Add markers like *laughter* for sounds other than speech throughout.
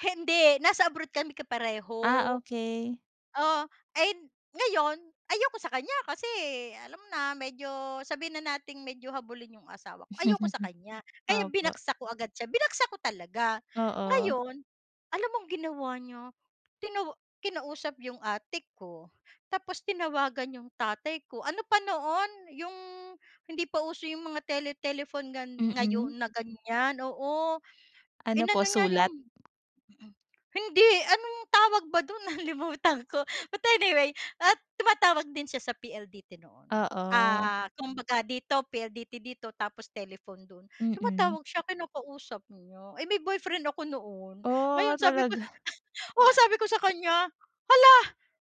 Hindi eh. Nasa abroad kami kapareho. Ah, okey. Oh, ay hin ngayon, ayoko sa kanya kasi alam mo na, medyo sabihin na nating medyo habulin 'yong asawa ko. Ayoko sa *laughs* kanya. Kaya Opo. binagsak ko agad siya. Binagsak ko talaga. Oo. Ngayon alam mong ginawa niya? Tina kinausap 'yong ate ko, tapos tinawagan 'yong tatay ko. Ano pa noon, 'yong hindi pa uso 'yong mga tele telephone gan Mhm. ngayon na ganyan. Oo. *breath* Ano po, Inano niya 'yong sulat? mhm. Hindi, anong tawag ba do'n? Nalimutan ko, but anyway, at tumatawag din siya sa PLDT noon. Oo. Ah kumbaga dito, PLDT dito tapos telephone do'n. Mhm. Tumatawag siya, kinakausap niya. Eh may boyfriend ako noon. Ngayon Oh, sabi ko talaga. *laughs* oo, *chuckles* *hiccups* sabi ko sa kanya, "Hala!"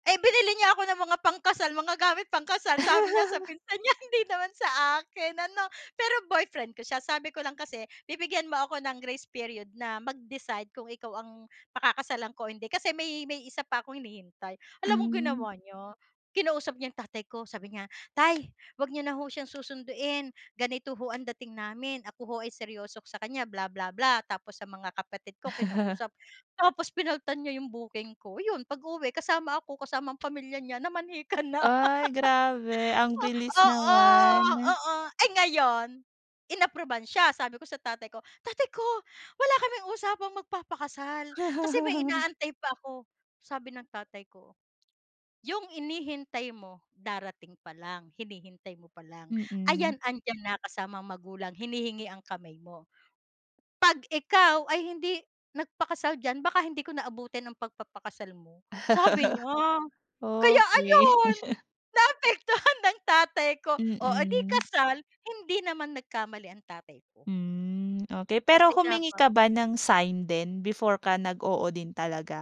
Eh binili niya ako ng mga pangkasal, mga gamit pangkasal, sabi niya sa *laughs* pinsan niya, hindi naman sa akin ano. Pero boyfriend ko siya. Sabi ko lang kasi, "Bibigyan mo ako ng grace period na mag-decide kung ikaw ang pakakasalan ko o hindi." Kasi may may isa pa akong hinihintay. Alam mong Mm. ginawa niya? Kinausap niya yung tatay ko. Sabi niya, "Tay, wag niyo na ho siyang susunduin. Ganito ho ang dating namin. Ako ho ay seryoso sa kanya, bla bla bla." Tapos sa mga kapatid ko *laughs* kinausap. Tapos pinalitan niya yung booking ko. Yun pag-uwi kasama ako, kasama ang pamilya niya, namanhikan na. Ay grabe! Ang *laughs* bilis O oo, naman. oo. Eh ngayon, inapruban siya. Sabi ko sa tatay ko, "Tatay ko, wala kaming usapang magpapakasal. Kasi may *laughs* inaantay pa ako." Sabi ng tatay ko, "Yung hinihintay mo darating pa lang, hinihintay mo pa lang. Mhm. Ayan, andiyan na, kasama ang magulang, hinihingi ang kamay mo. 'Pag ikaw ay hindi nagpakasal diyan, baka hindi ko na abutin ang pagpapakasal mo," sabi niya. *laughs* Kaya Okey. ayun, *laughs* naapektuhan ng tatay ko. Oh eh di Mhm. kasal. Hindi naman nagkamali ang tatay ko. Mm, okey. Pero Kasi humingi dapa ka ba ng sign din, before ka nag-oo din talaga?